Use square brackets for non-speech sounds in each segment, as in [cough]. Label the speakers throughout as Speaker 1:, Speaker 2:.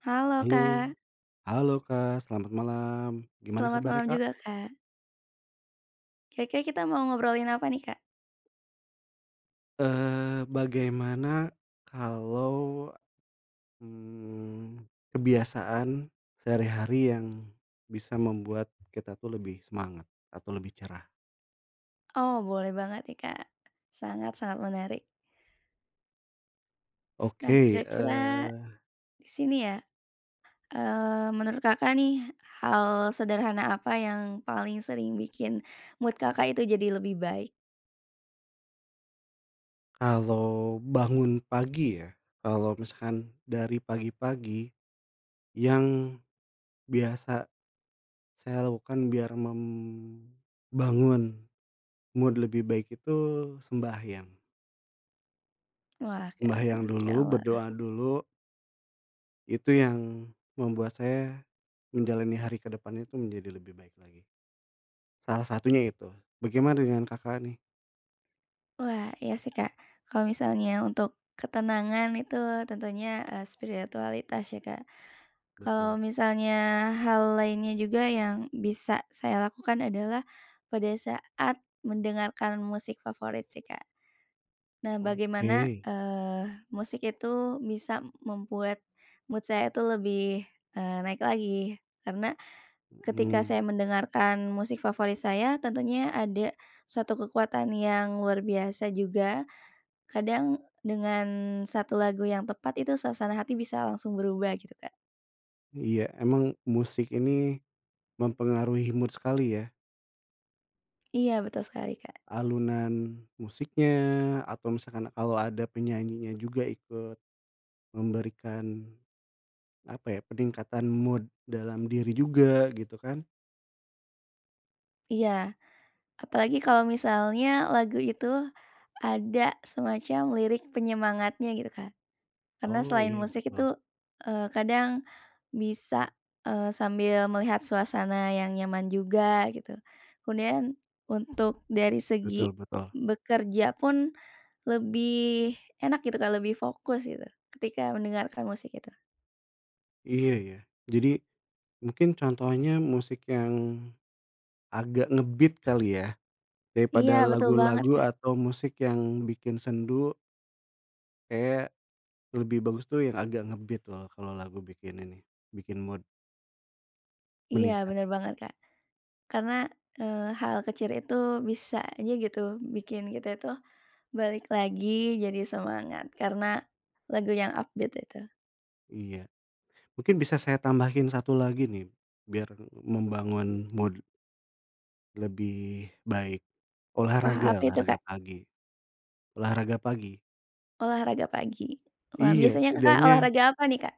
Speaker 1: Halo
Speaker 2: Halo.
Speaker 1: Kak.
Speaker 2: Halo Kak, selamat malam, gimana
Speaker 1: Selamat
Speaker 2: kabarnya
Speaker 1: malam
Speaker 2: Kak?
Speaker 1: juga Kak. Kira-kira, kita mau ngobrolin apa nih Kak?
Speaker 2: Eee, bagaimana kalau. Mmm, kebiasaan sehari-hari yang bisa membuat kita tuh lebih semangat atau lebih cerah?
Speaker 1: Oh, boleh banget nih Kak, sangat-sangat menarik. Nah,
Speaker 2: Oke,
Speaker 1: kira-kira
Speaker 2: eee
Speaker 1: di sini ya, eee, menurut Kakak nih, hal sederhana apa yang paling sering bikin mood Kakak itu jadi lebih baik?
Speaker 2: kalau bangun pagi ya, kalau misalkan dari pagi-pagi yang biasa, saya lakukan biar membangun mood lebih baik itu sembahyang.
Speaker 1: Wah, keren,
Speaker 2: Sembahyang dulu,
Speaker 1: masyaallah.
Speaker 2: berdoa dulu itu yang membuat saya, menjalani hari ke depan itu menjadi lebih baik lagi. Salah satunya itu. Bagaimana dengan Kakak, nih?
Speaker 1: Wah, iya sih, Kak. Kalau misalnya untuk ketenangan itu tentunya, eee, spiritualitas ya, Kak. Kalau
Speaker 2: Betul.
Speaker 1: misalnya hal lainnya juga yang bisa, saya lakukan adalah pada saat mendengarkan musik favorit sih, Kak. Nah, bagaimana,
Speaker 2: Oke.
Speaker 1: eee, musik itu bisa membuat mood saya itu lebih, eee, naik lagi, karena ketika
Speaker 2: Mhm.
Speaker 1: saya mendengarkan musik favorit saya, tentunya ada suatu kekuatan yang luar biasa juga. Kadang dengan satu lagu yang tepat, itu suasana hati bisa langsung berubah gitu, Kak.
Speaker 2: Iya, emang musik ini mempengaruhi mood sekali ya.
Speaker 1: Iya, betul sekali, Kak.
Speaker 2: Alunan musiknya, atau misalkan kalau ada penyanyinya juga ikut memberikan, apa ya, peningkatan mood dalam diri juga gitu kan.
Speaker 1: Iya, apalagi kalau misalnya lagu itu ada semacam lirik penyemangatnya gitu, Kak. Karena
Speaker 2: Oh,
Speaker 1: selain
Speaker 2: iya,
Speaker 1: musik
Speaker 2: betul.
Speaker 1: itu, eee, kadang bisa, eee, sambil melihat suasana yang nyaman juga gitu. Kemudian, untuk dari segi
Speaker 2: Betul betul.
Speaker 1: bekerja pun lebih enak gitu, Kak, lebih fokus gitu ketika mendengarkan musik itu.
Speaker 2: Iya, ya, jadi mungkin contohnya musik yang agak nge-beat kali ya,
Speaker 1: Iya,
Speaker 2: daripada
Speaker 1: betul banget,
Speaker 2: lagu-lagu
Speaker 1: Kak.
Speaker 2: atau musik yang bikin sendu kayak lebih bagus tuh yang agak nge-beat loh, kalau lagu bikin ini, bikin mood
Speaker 1: Iya,
Speaker 2: meningkat.
Speaker 1: bener banget, Kak. Karena, eee, hal kecil itu bisa aja gitu bikin kita itu balik lagi jadi semangat, karena lagu yang update itu.
Speaker 2: Iya, mungkin bisa saya tambahin 1 lagi nih, biar m membangun mood lebih baik.
Speaker 1: Wah,
Speaker 2: Olahraga
Speaker 1: apa itu,
Speaker 2: olahraga
Speaker 1: Kak?
Speaker 2: pagi, olahraga pagi,
Speaker 1: Olahraga pagi. Wah,
Speaker 2: Iya,
Speaker 1: biasanya Kakak
Speaker 2: setidaknya
Speaker 1: olahraga apa nih, Kak?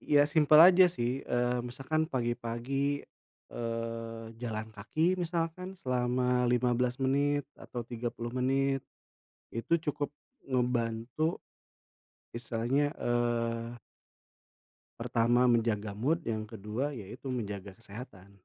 Speaker 2: Ya simpel aja sih. Eee, misalkan pagi-pagi, eee, jalan kaki, misalkan selama 15 menit atau 30 menit, itu cukup ngebantu. Misalnya, eee pertama menjaga mood, yang ke-2 ya itu, menjaga kesehatan.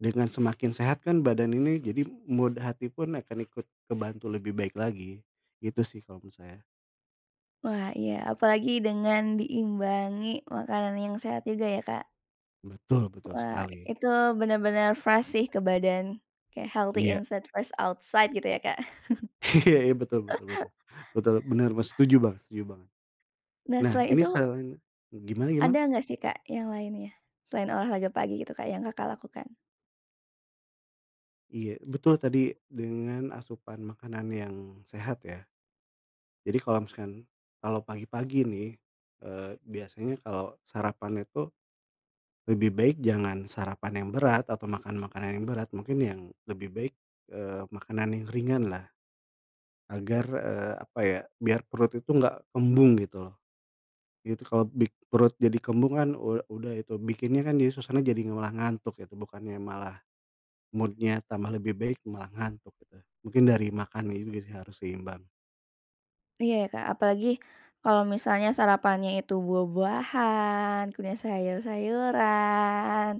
Speaker 2: Dengan semakin sehat kan badan ini, jadi mood hati pun akan ikut kebantu lebih baik lagi. Gitu sih, kalau menurut saya.
Speaker 1: Wah, iya, apalagi dengan diimbangi makanan yang sehat juga ya, Kak.
Speaker 2: Betul betul
Speaker 1: Wah,
Speaker 2: sekali.
Speaker 1: Itu benar-benar fresh sih ke badan, kayak healthy
Speaker 2: Iya.
Speaker 1: inside, fresh outside, gitu ya, Kak.
Speaker 2: Iya, betul betul
Speaker 1: [chuckles]
Speaker 2: betul, betul, bener me setuju banget setuju banget.
Speaker 1: Nah,
Speaker 2: Nah
Speaker 1: selain
Speaker 2: ini
Speaker 1: itu
Speaker 2: selain gimana gimana?
Speaker 1: ada enggak sih, Kak, yang lainnya, selain olahraga pagi gitu, Kak, yang Kakak lakukan?
Speaker 2: Iya, betul tadi dengan asupan makanan yang sehat ya. Jadi kalau misalkan, kalau pagi-pagi nih, eee, biasanya kalau sarapan itu, lebih baik jangan sarapan yang berat atau makan makanan yang berat. Mungkin yang lebih baik, eee, makanan yang ringanlah, agar, eee, apa ya, biar perut itu nggak kembung gitu loh. Itu kalau bik perut jadi kembung kan, u udah itu bikinnya kan, jadi suasana, jadi malah ngantuk gitu, bukannya malah mood-nya tambah lebih baik, malah ngantuk gitu. Mungkin dari makannya juga sih harus seimbang.
Speaker 1: Iya, ya, Kak, apalagi kalau misalnya sarapannya itu buah-buahan, kemudian sayur-sayuran,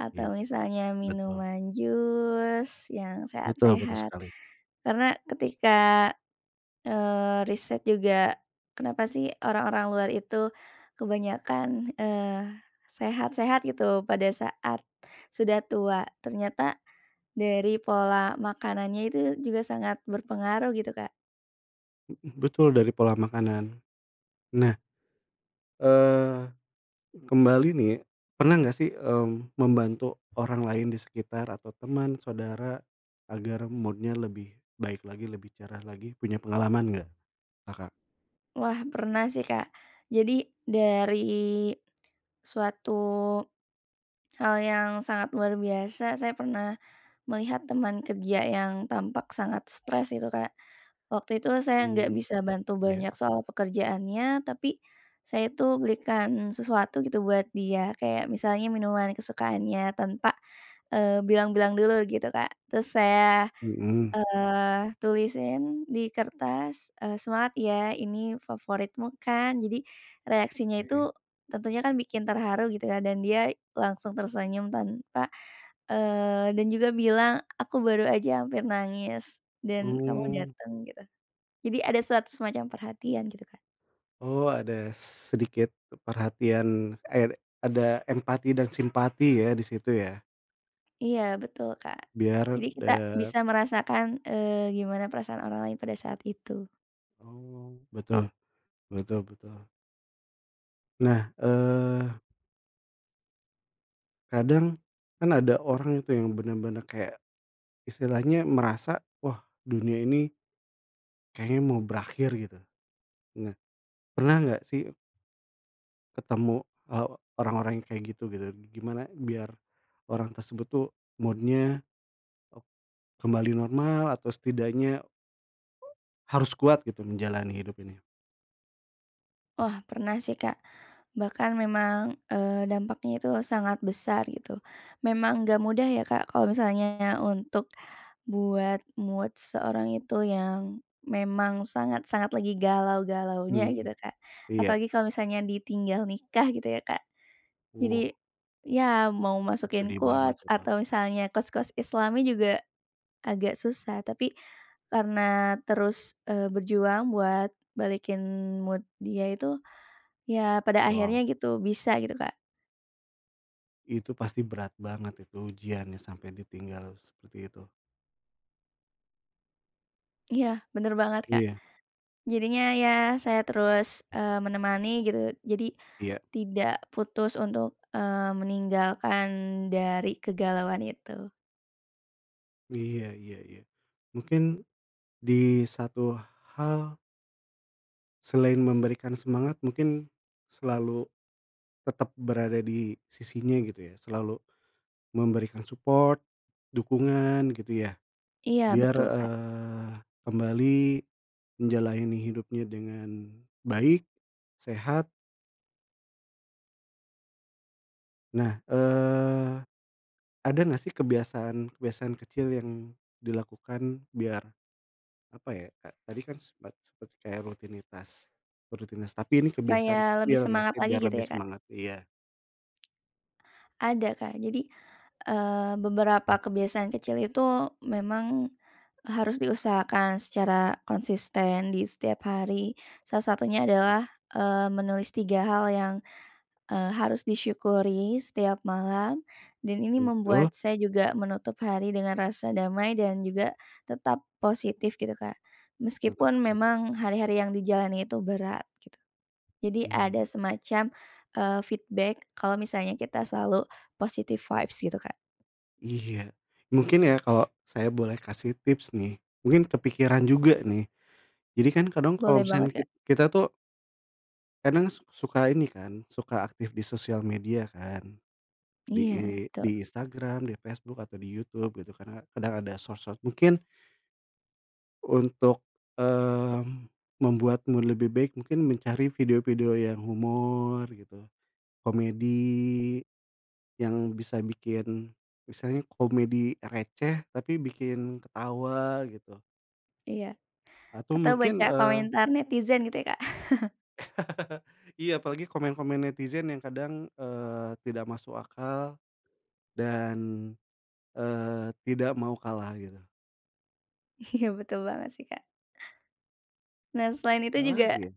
Speaker 1: atau
Speaker 2: Ya.
Speaker 1: misalnya
Speaker 2: Betul.
Speaker 1: minuman jus yang
Speaker 2: Betul betul
Speaker 1: sehat-sehat.
Speaker 2: sekali.
Speaker 1: Karena ketika, eee, riset juga, kenapa sih, orang-orang luar itu kebanyakan, eee, sehat-sehat gitu pada saat sudah tua? Ternyata dari pola makanannya itu juga sangat berpengaruh gitu, Kak.
Speaker 2: Mhm, betul dari pola makanan. Nah, eee, kembali nih, pernah nggak sih, mmm, membantu orang lain di sekitar atau teman, saudara, agar mood-nya lebih baik lagi, lebih cerah lagi? Punya pengalaman nggak, Kakak?
Speaker 1: Wah, pernah sih, Kak. Jadi, dari suatu hal yang sangat luar biasa, saya pernah melihat teman kerja yang tampak sangat stres itu, Kak. Waktu itu saya nggak
Speaker 2: Mmm,
Speaker 1: bisa bantu
Speaker 2: iya.
Speaker 1: banyak soal pekerjaannya, tapi saya itu berikan sesuatu gitu buat dia, kayak misalnya minuman kesukaannya tanpa, eee, bilang-bilang dulu gitu, Kak. Terus saya,
Speaker 2: Mhm.
Speaker 1: eee, tulisin di kertas, eee, "Semangat ya, ini favoritmu kan." Jadi reaksinya
Speaker 2: Oke.
Speaker 1: itu, tentunya kan bikin terharu gitu ya, dan dia langsung tersenyum, tanpa, eee, dan juga bilang, "Aku baru aja hampir nangis, dan kamu
Speaker 2: Oh.
Speaker 1: dateng." Gitu. Jadi ada suatu semacam perhatian gitu, Kak.
Speaker 2: Oh, ada sedikit perhatian, aede ada empati dan simpati ya, di situ ya.
Speaker 1: Iya, betul, Kak.
Speaker 2: Biar,
Speaker 1: Jadi kita
Speaker 2: dat
Speaker 1: bisa merasakan, eee, gimana perasaan orang lain pada saat itu.
Speaker 2: Oh, betul, betul betul. Nah, eee kadang kan ada orang itu yang benar-benar kayak istilahnya merasa, wah dunia ini kayaknya mau berakhir gitu. Nah, pernah nggak sih ketemu, eee, orang-orang yang kayak gitu gitu? Gimana biar orang tersebut tuh mood-nya, oh, kembali normal atau setidaknya, eee, harus kuat gitu menjalani hidup ini?
Speaker 1: Wah, pernah sih, Kak. Bahkan memang, eee, dampaknya itu sangat besar gitu. Memang enggak mudah ya, Kak, kalau misalnya untuk buat mood seorang itu yang memang sangat-sangat lagi galau-galaunya gitu,
Speaker 2: Mhm.
Speaker 1: Kak.
Speaker 2: Iya.
Speaker 1: Apalagi kalau misalnya ditinggal nikah gitu ya, Kak. Jadi,
Speaker 2: Oh.
Speaker 1: ya mau
Speaker 2: Oh,
Speaker 1: masukin
Speaker 2: sedih banget
Speaker 1: quotes
Speaker 2: tuh, Kak.
Speaker 1: atau misalnya quotes-quotes islami juga agak susah. Tapi karena terus, eee, berjuang buat balikin mood dia itu, ya pada
Speaker 2: Wow.
Speaker 1: akhirnya gitu, bisa gitu, Kak.
Speaker 2: Itu pasti berat banget, itu ujiannya sampai ditinggal seperti itu.
Speaker 1: Iya, bener banget, Kak.
Speaker 2: Iya.
Speaker 1: Jadinya ya, saya terus, eee, menemani gitu, jadi
Speaker 2: Iya.
Speaker 1: tidak putus untuk, eee, meninggalkan dari kegalauan itu.
Speaker 2: Iya iya iya. Mungkin di satu hal selain memberikan semangat, mungkin selalu tetap berada di sisinya gitu ya, selalu memberikan support, dukungan gitu ya,
Speaker 1: Iya,
Speaker 2: biar,
Speaker 1: betul, Kak.
Speaker 2: eee, kembali menjalani hidupnya dengan baik, sehat. Nah, eee, ada nggak sih kebiasaan-kebiasaan kecil yang dilakukan, biar apa ya, Kak, tadi kan sepet seperti kayak rutinitas, rutinitas,
Speaker 1: S
Speaker 2: tapi ini kebiasaan
Speaker 1: supaya lebih
Speaker 2: kecil nggak
Speaker 1: semangat
Speaker 2: sih,
Speaker 1: lagi
Speaker 2: biar
Speaker 1: gitu
Speaker 2: lebih
Speaker 1: ya, Kak.
Speaker 2: semangat? Iya
Speaker 1: Ada, Kak. Jadi, eee, beberapa kebiasaan kecil itu, memang harus diusahakan secara konsisten di setiap hari. Salah satunya adalah, eee, menulis 3 hal yang, eee, harus disyukuri setiap malam, dan ini membuat
Speaker 2: Betul.
Speaker 1: saya juga menutup hari dengan rasa damai dan juga tetap positif gitu, Kak.
Speaker 2: Tetap
Speaker 1: Meskipun
Speaker 2: positif.
Speaker 1: memang hari-hari yang dijalani itu berat gitu, Jadi ada
Speaker 2: Mmm.
Speaker 1: semacam, eee, feedback kalau misalnya kita selalu positive vibes gitu, Kak.
Speaker 2: Iya, mungkin ya, kalo, saya boleh kasih tips nih, mungkin kepikiran juga nih. Jadi kan kadang kalo
Speaker 1: Boleh banget,
Speaker 2: misalkan
Speaker 1: Kak.
Speaker 2: kit-kita tuh kadang su suka ini kan, suka aktif di sosial media kan, di I
Speaker 1: Iya, tuh.
Speaker 2: di Instagram, di Facebook, atau di YouTube gitu, karena kadang ada sosok mungkin untuk, eee, membuatmu lebih baik, mungkin mencari video-video yang humor gitu, komedi yang bisa bikin, misalnya komedi receh, tapi bikin ketawa gitu.
Speaker 1: Iya,
Speaker 2: Atau
Speaker 1: atau baca
Speaker 2: mungkin, eee
Speaker 1: komentar netizen gitu ya, Kak. [chuckles]
Speaker 2: [chuckles] Iya, apalagi komen-komen netizen yang kadang, eee, tidak masuk akal dan, eee, tidak mau kalah gitu.
Speaker 1: Iya, betul banget sih, Kak. Nah, selain itu
Speaker 2: Ada lagi
Speaker 1: juga
Speaker 2: ya.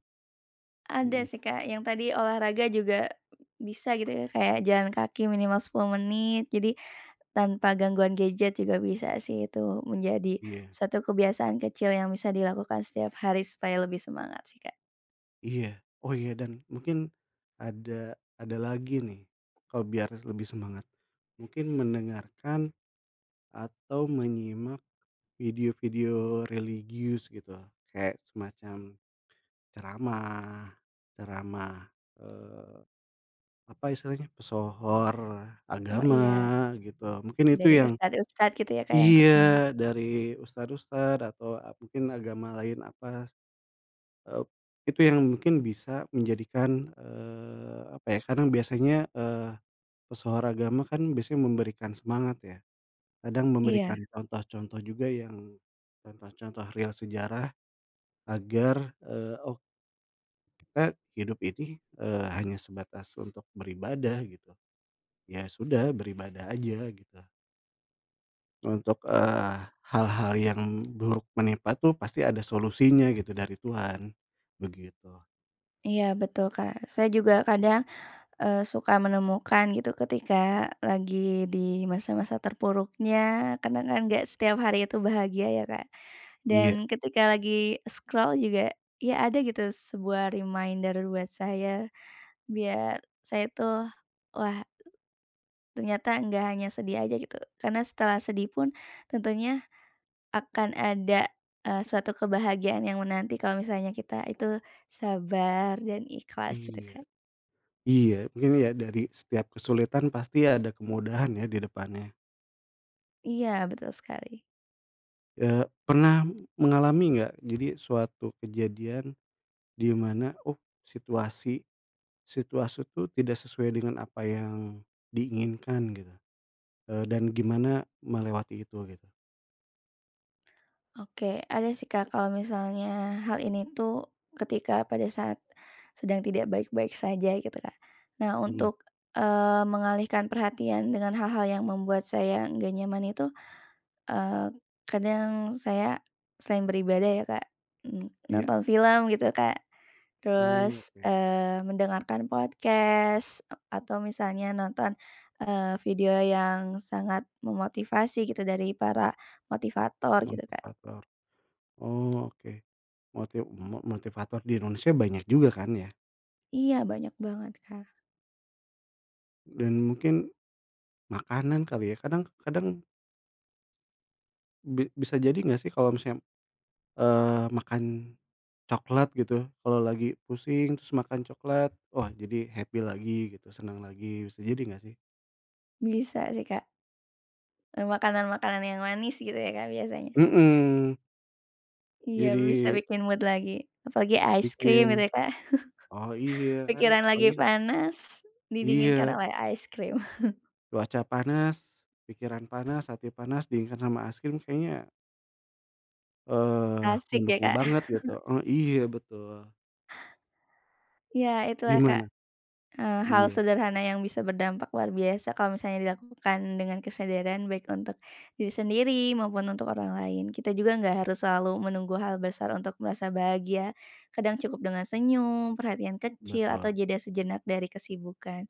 Speaker 1: ada
Speaker 2: Mmm.
Speaker 1: sih, Kak, yang tadi olahraga juga bisa gitu ya, kayak jalan kaki minimal 10 menit. Jadi tanpa gangguan gadget juga bisa sih, itu menjadi
Speaker 2: Iya.
Speaker 1: satu kebiasaan kecil yang bisa dilakukan setiap hari supaya lebih semangat, sih Kak.
Speaker 2: Iya. Oh iya, dan mungkin ada ada lagi nih, kalo biar lebih semangat. Mungkin mendengarkan atau menyimak video-video religius gitu, kayak semacam ceramah, ceramah, eee, apa istilahnya, pesohor
Speaker 1: Oh
Speaker 2: agama
Speaker 1: iya.
Speaker 2: gitu, mungkin itu
Speaker 1: Dari
Speaker 2: yang
Speaker 1: ustad-ustad gitu ya, Kak, yang terkenal.
Speaker 2: iya, dari ustad-ustad atau ap mungkin agama lain, apa s eee, itu yang mungkin bisa menjadikan, eee, apa ya, karena biasanya, eee, pesohor agama kan biasanya memberikan semangat ya, kadang
Speaker 1: Iya.
Speaker 2: memberikan contoh-contoh juga, yang contoh-contoh real sejarah agar, eee, oh. Kita hidup ini, eee, hanya sebatas untuk beribadah gitu, ya sudah beribadah aja, gitu. Untuk, eee, hal-hal yang buruk menimpa tuh, pasti ada solusinya gitu dari Tuhan begitu.
Speaker 1: Iya, betul, Kak. Saya juga kadang, eee, suka menemukan, gitu, ketika lagi di masa-masa terpuruknya, karena kan nggak setiap hari itu bahagia ya, Kak.
Speaker 2: Iya.
Speaker 1: Dan ketika lagi scroll juga, ya ada gitu sebuah reminder buat saya, biar saya itu, wah. Ternyata nggak hanya sedih aja gitu. Karena setelah sedih pun tentunya akan ada, eee, suatu kebahagiaan yang menanti kalau misalnya kita itu sabar dan ikhlas gitu
Speaker 2: Iya.
Speaker 1: Kak.
Speaker 2: Iya, gini ya, dari setiap kesulitan pasti ada kemudahan ya, di depannya.
Speaker 1: Iya, betul sekali.
Speaker 2: Eee, pernah mengalami nggak, jadi suatu kejadian di mana, oh, situasi, situasi tuh tidak sesuai dengan apa yang diinginkan gitu, eee, dan gimana melewati itu gitu?
Speaker 1: Oke, ada sih, Kak. Kalau misalnya hal ini tuh, ketika pada saat sedang tidak baik-baik saja gitu, Kak. Nah,
Speaker 2: Mhm.
Speaker 1: untuk, eee, mengalihkan perhatian dengan hal-hal yang membuat saya nggak nyaman itu, eee, kadang saya selain beribadah ya, Kak, mmm,
Speaker 2: Iya.
Speaker 1: nonton film gitu, Kak,
Speaker 2: Oh,
Speaker 1: terus,
Speaker 2: oke.
Speaker 1: eee, mendengarkan podcast, eee, atau misalnya nonton, eee, video yang sangat memotivasi gitu dari para motivator gitu, Kak.
Speaker 2: Motivator. Oh oke, motiv mo motivator di Indonesia banyak juga kan ya.
Speaker 1: Iya, banyak banget Kak.
Speaker 2: Dan mungkin makanan kali ya, kadang kadang Bi bisa jadi nggak sih, kalau misalnya, eee, makan coklat gitu, kalo lagi pusing, terus makan coklat, wah jadi happy lagi gitu, senang lagi. Bisa jadi nggak sih?
Speaker 1: Bisa sih, Kak. Eee, makanan-makanan yang manis gitu ya, Kak, biasanya.
Speaker 2: Mhm.
Speaker 1: Iya, bisa
Speaker 2: Jadi
Speaker 1: bikin mood lagi, apalagi ice
Speaker 2: bikin
Speaker 1: cream gitu ya, Kak.
Speaker 2: oh iya,
Speaker 1: [chuckles]
Speaker 2: kan
Speaker 1: Pikiran lagi
Speaker 2: apalagi ka
Speaker 1: panas didinginkan
Speaker 2: Iya.
Speaker 1: oleh ice cream. [chuckles]
Speaker 2: Cuaca panas, pikiran panas, hati panas, dinginkan sama es krim, kayaknya eee,
Speaker 1: Asik ya,
Speaker 2: mendukung
Speaker 1: Kak.
Speaker 2: banget gitu, eee
Speaker 1: [chuckles]
Speaker 2: iya, betul.
Speaker 1: Ya, itulah, Kak.
Speaker 2: Gimana?
Speaker 1: Eee, hal
Speaker 2: Iya.
Speaker 1: sederhana yang bisa berdampak luar biasa, kalau misalnya dilakukan dengan kesadaran, baik untuk diri sendiri, maupun untuk orang lain. Kita juga nggak harus selalu menunggu hal besar untuk merasa bahagia. Kadang cukup dengan senyum, perhatian kecil,
Speaker 2: Betul.
Speaker 1: atau jeda sejenak dari kesibukan.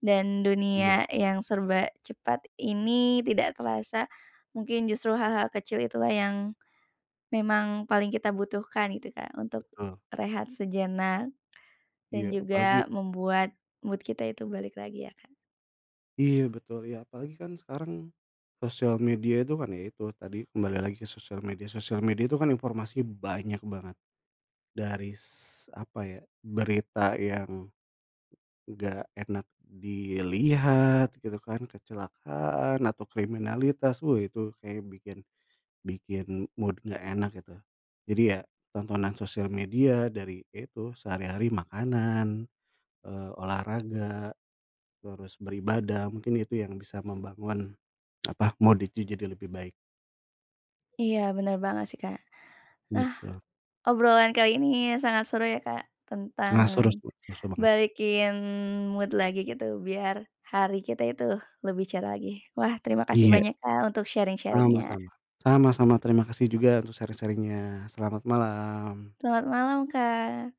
Speaker 1: Dan
Speaker 2: Iya.
Speaker 1: dunia yang serba cepat ini, tidak terasa. Mungkin justru hal-hal kecil itulah, yang memang paling kita butuhkan, gitu Kak, untuk
Speaker 2: Betul.
Speaker 1: rehat sejenak.
Speaker 2: Iya,
Speaker 1: Dan
Speaker 2: apalagi
Speaker 1: juga membuat mood kita itu balik lagi ya Kak.
Speaker 2: Iya, betul iya. Apalagi kan sekarang sosial media tuh kan ya itu, tadi kembali lagi, ke sosial media, sosial media kan informasi banyak banget. Dari s apa ya, berita yang nggak enak dilihat gitu kan, kecelakaan, atau kriminalitas. Wih, itu, kayak bikin, bikin mood nggak enak gitu. Jadi, ya tontonan sosial media dari, ya itu sehari-hari makanan, eee, olahraga, terus beribadah, mungkin itu yang bisa membangun, apa, mood itu jadi lebih baik.
Speaker 1: Iya, bener banget sih, Kak. Ah,
Speaker 2: Gitu.
Speaker 1: obrolan kali ini sangat seru ya Kak, tentang
Speaker 2: Sangat seru tuh, su su banget.
Speaker 1: balikin mood lagi, gitu biar hari kita itu lebih cerah lagi. Wah, terima kasih
Speaker 2: Iya.
Speaker 1: banyak Kak, untuk sharing-sharing-nya.
Speaker 2: Sama-sama, sama-sama, terima kasih juga untuk sharing-sharing-nya. Selamat malam.
Speaker 1: Selamat malam, Kak.